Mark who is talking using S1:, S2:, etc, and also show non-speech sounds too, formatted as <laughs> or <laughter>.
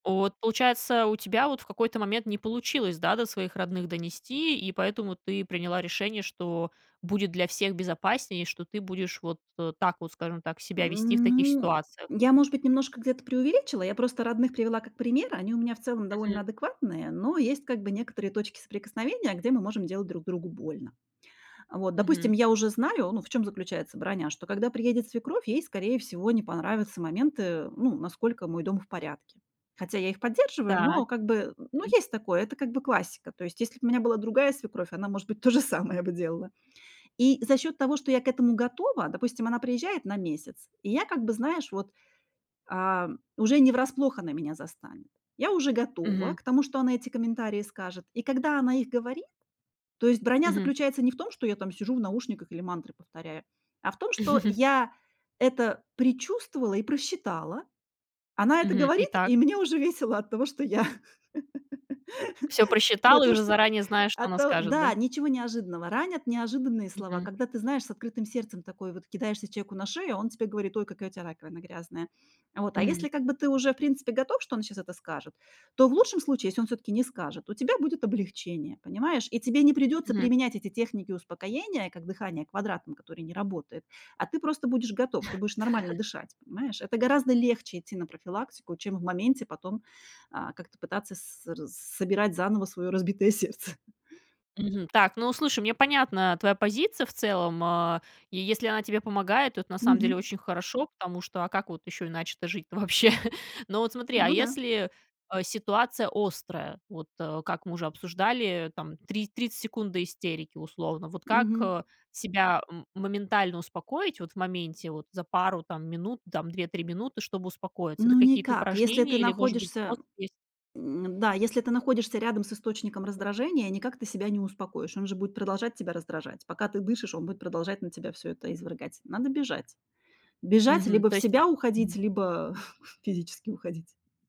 S1: От, получается, у тебя вот в какой-то момент не получилось, да, до своих родных донести, и поэтому ты приняла решение, что будет для всех безопаснее, что ты будешь вот так вот, скажем так, себя вести в
S2: М,
S1: таких
S2: ну,
S1: ситуациях.
S2: я, может быть, немножко где-то преувеличила. Я просто родных привела как пример. Они у меня в целом
S1: Мгм.
S2: довольно адекватные, но есть, как бы, некоторые точки соприкосновения, где мы можем делать друг другу больно. А, вот, допустим,
S1: Мгм.
S2: я уже знаю, ну, в чём заключается броня: что когда приедет свекровь, ей, скорее всего, не понравятся моменты, ну, насколько мой дом в порядке. Хотя я их поддерживаю,
S1: Так.
S2: но, как бы, ну,
S1: М.
S2: есть такое. Это, как бы, классика. То есть, если б у меня была другая свекровь, она, может быть, то же самое бы делала. И за счёт того, что я к этому готова, допустим, она приезжает на месяц, и я, как бы знаешь, вот, ам, уже не врасплох она меня застанет. Я уже готова
S1: Мгм.
S2: к тому, что она эти комментарии скажет, и когда она их говорит То есть броня
S1: Мгм.
S2: заключается не в том, что я там сижу в наушниках или мантры повторяю, а в том, что
S1: <chuckles>
S2: я это предчувствовала и просчитала. Она это
S1: Мгм. И
S2: говорит,
S1: так
S2: и мне уже весело от того, что я <laughs>
S1: Всё
S2: Да,
S1: просчитала и
S2: то,
S1: уже
S2: что
S1: заранее знаю, что
S2: а,
S1: она
S2: то
S1: скажет, да?
S2: да. Ничего неожиданного. Ранят неожиданные слова,
S1: Мгм.
S2: когда ты знаешь, с открытым сердцем такой вот кидаешься человеку на шею, а он тебе говорит: "Ой, какая у тя раковина грязная". Вот, а
S1: Мгм.
S2: если, как бы, ты уже в принципе готов, что он сейчас это скажет, то в лучшем случае, если он всё-таки не скажет, у тебя будет облегчение, понимаешь? И тебе не придётся
S1: Мгм.
S2: применять эти техники успокоения, как дыхание квадратом, которое не работает. А ты просто будешь готов. Ты будешь нормально
S1: <laughs>
S2: дышать, понимаешь? Это гораздо легче идти на профилактику, чем в моменте потом, а, как-то пытаться ср собирать заново своё разбитое сердце.
S1: Мгм. Так, ну, слушай, мне понятна твоя позиция в целом, а, и если она тебе помогает, то это на самом деле
S2: Мгм.
S1: очень хорошо, потому что, а как вот ещё иначе-то жить-то вообще? Но вот смотри, а
S2: Ну да.
S1: если, э, ситуация острая? Вот, э, как мы уже обсуждали, там три тридцать секунд до истерики условно. Вот как,
S2: Мгм.
S1: э, себя, м, моментально успокоить вот в моменте, вот за пару там минут, там 2-3 минуты, чтобы успокоиться? Это
S2: Ну
S1: какие-то
S2: никак. Если ты
S1: упражнения или, может быть,
S2: находишься
S1: способ есть?
S2: М, да, если ты находишься рядом с источником раздражения, никак ты себя не успокоишь. Он же будет продолжать тебя раздражать. Пока ты дышишь, он будет продолжать на тебя всё это извергать. Надо бежать. Бежать,
S1: Мгм,
S2: либо
S1: то
S2: в
S1: есть, а,
S2: себя
S1: м
S2: уходить, либо <chuckles> физически уходить.